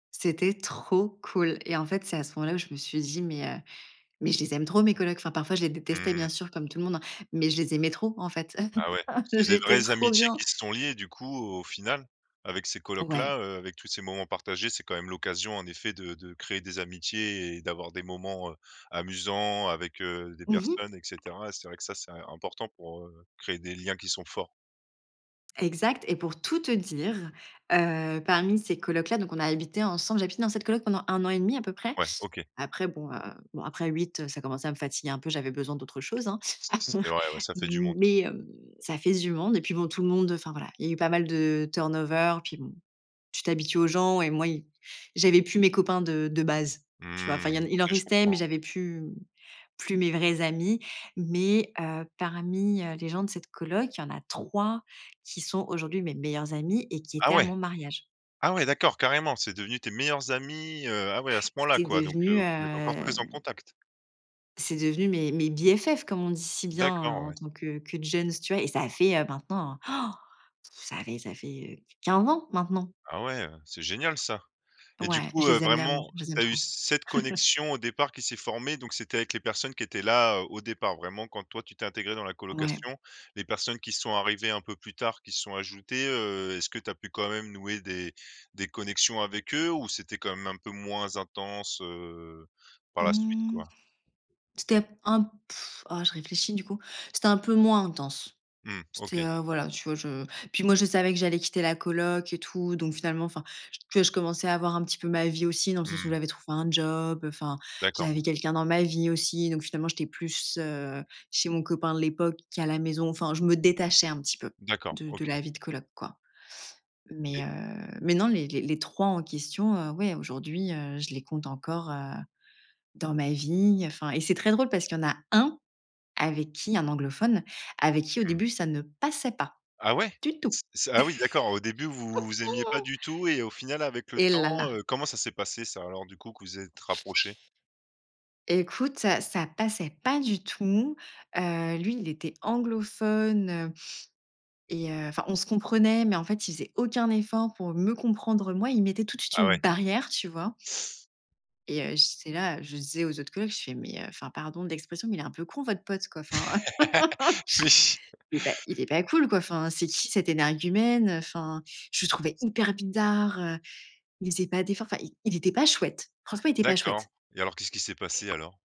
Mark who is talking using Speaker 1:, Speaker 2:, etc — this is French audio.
Speaker 1: C'était trop cool et en fait, c'est à ce moment-là où je me suis dit: «Mais heu, mais je les aime trop, mes colocs». Enfin, parfois, je les détestais,
Speaker 2: Mmh.
Speaker 1: bien sûr, comme tout le monde, hein, mais je les aimais trop en fait,
Speaker 2: Ah, ouais, c'est des
Speaker 1: j'étais
Speaker 2: vraies
Speaker 1: trop
Speaker 2: amitiés
Speaker 1: bien.
Speaker 2: qui se sont liées, du coup, au au final, avec ces colocs-là,
Speaker 1: Ouais.
Speaker 2: heu, avec tous ces moments partagés. C'est, quand même, l'occasion, en effet, de de créer des amitiés et d'avoir des moments, heu, amusants avec, heu, des
Speaker 1: Mmh mh.
Speaker 2: personnes et cetera. C'est vrai que ça, c'est, heu, important pour, heu, créer des liens qui sont forts.
Speaker 1: Exact et pour tout te dire, heu, parmi ces colocs-là, donc on a habité ensemble. J'ai habité dans cette coloc pendant 1 an et 1/2 à peu près.
Speaker 2: Ouais, OK.
Speaker 1: Après, bon, heu, bon, après 8, heu, ça commençait à me fatiguer un peu. J'avais besoin d'autre chose, hein,
Speaker 2: C c'est
Speaker 1: m
Speaker 2: vrai ouais, ça fait du monde.
Speaker 1: mais heu, ça fait du monde et puis bon, tout le monde enfin, voilà, il y a eu pas mal de turn over. Puis bon, tu t'habitues aux gens et moi, ils j'avais plus mes copains de de base, tu vois? Enfin
Speaker 2: Mmh,
Speaker 1: il y en a il
Speaker 2: OK,
Speaker 1: en
Speaker 2: je
Speaker 1: restait,
Speaker 2: comprends.
Speaker 1: mais
Speaker 2: Ouais.
Speaker 1: j'avais plus, mmh, plus mes vrais amis. Mais heu, parmi, heu, les gens de cette coloc, il y en a 3 qui sont aujourd'hui mes meilleurs amis et qui étaient
Speaker 2: Ah,
Speaker 1: à
Speaker 2: ouais!
Speaker 1: mon mariage.
Speaker 2: Ah, ouais, d'accord, carrément! C'est devenu tes meilleurs amis, heu, ah, ouais, à ce point-là,
Speaker 1: C'est
Speaker 2: quoi. Donc heu,
Speaker 1: devenu, heu
Speaker 2: vous êtes encore très en contact.
Speaker 1: c'est devenu mes mes BFF, comme on dit si bien,
Speaker 2: D'accord,
Speaker 1: en
Speaker 2: ouais.
Speaker 1: tant que que djeunes, tu vois? Et ça a fait, heu, maintenant, ça fait ça fait, heu, 15 ans, maintenant.
Speaker 2: Ah, ouais, heu, c'est génial, ça et du
Speaker 1: Ouais, je
Speaker 2: coup, heu,
Speaker 1: les aime
Speaker 2: vraiment,
Speaker 1: d'amour. Je les aime
Speaker 2: tu as eu
Speaker 1: trop.
Speaker 2: cette connexion au départ qui s'est formée, donc c'était avec les personnes qui étaient là, heu, au départ, vraiment, quand toi, tu t'es intégrée dans la
Speaker 1: Ouais.
Speaker 2: colocation, les personnes qui sont arrivées un peu plus tard, qui se sont ajoutées, heu est-ce que tu as pu, quand même, nouer des des connexions avec eux? Ou c'était quand même un peu moins intense, heu, par la suite,
Speaker 1: Mmh,
Speaker 2: quoi?
Speaker 1: c'était un un oh, je réfléchis du coup. C'était un peu moins intense.
Speaker 2: Mmh
Speaker 1: C'était,
Speaker 2: OK.
Speaker 1: heu, voilà, tu vois, je puis moi, je savais que j'allais quitter la coloc et tout donc finalement, enfin, que je commençais à avoir un petit peu ma vie aussi dans le
Speaker 2: Mmh
Speaker 1: sens où
Speaker 2: mh.
Speaker 1: j'avais trouvé un job, heu, enfin,
Speaker 2: D'accord, ouais.
Speaker 1: j'avais quelqu'un dans ma vie aussi. Donc finalement, j'étais plus, heu, chez mon copain de l'époque qu'à la maison. Enfin, je me détachais un petit peu
Speaker 2: D'accord,
Speaker 1: de de
Speaker 2: OK.
Speaker 1: la vie de coloc, quoi. Mais
Speaker 2: Et
Speaker 1: heu, mais non, les les les 3 en question, heu, ouais, aujourd'hui, heu, je les compte encore, heu, dans ma vie, heu, enfin et c'est très drôle parce qu'il y en a 1 avec qui un anglophone, avec qui, au
Speaker 2: Mmh.
Speaker 1: début, ça ne passait pas
Speaker 2: Ah, ouais?
Speaker 1: du tout.
Speaker 2: C'est c Ah, oui, d'accord, au début, vous vous aimiez pas du tout et au final, avec le
Speaker 1: Eh, là,
Speaker 2: temps,
Speaker 1: là!
Speaker 2: heu, comment ça s'est passé, ça, alors, du coup, que vous, vous êtes rapprochés?
Speaker 1: Écoute, ça ça passait pas du tout, heu, lui, il était anglophone, heu et heu, enfin, on se comprenait. Mais en fait, il faisait aucun effort pour me comprendre, moi. Il mettait tout de suite
Speaker 2: Ah,
Speaker 1: une
Speaker 2: ouais.
Speaker 1: barrière, tu vois? Et heu, j'étais là, heu, je le disais aux autres colocs, je fais: «Mais heu, enfin, pardon de l'expression mais il est un peu con, votre pote, quoi, enfin.»
Speaker 2: oui
Speaker 1: «Eh, beh, il est pas cool, quoi, enfin. C'est qui cette énergumène?» Heu, enfin, je le trouvais hyper bizarre, heu, il faisait pas d'effort. Enfin, il il était pas chouette. Franchement, il était pas chouette.
Speaker 2: D'accord et alors, qu'est-ce qui s'est passé, alors?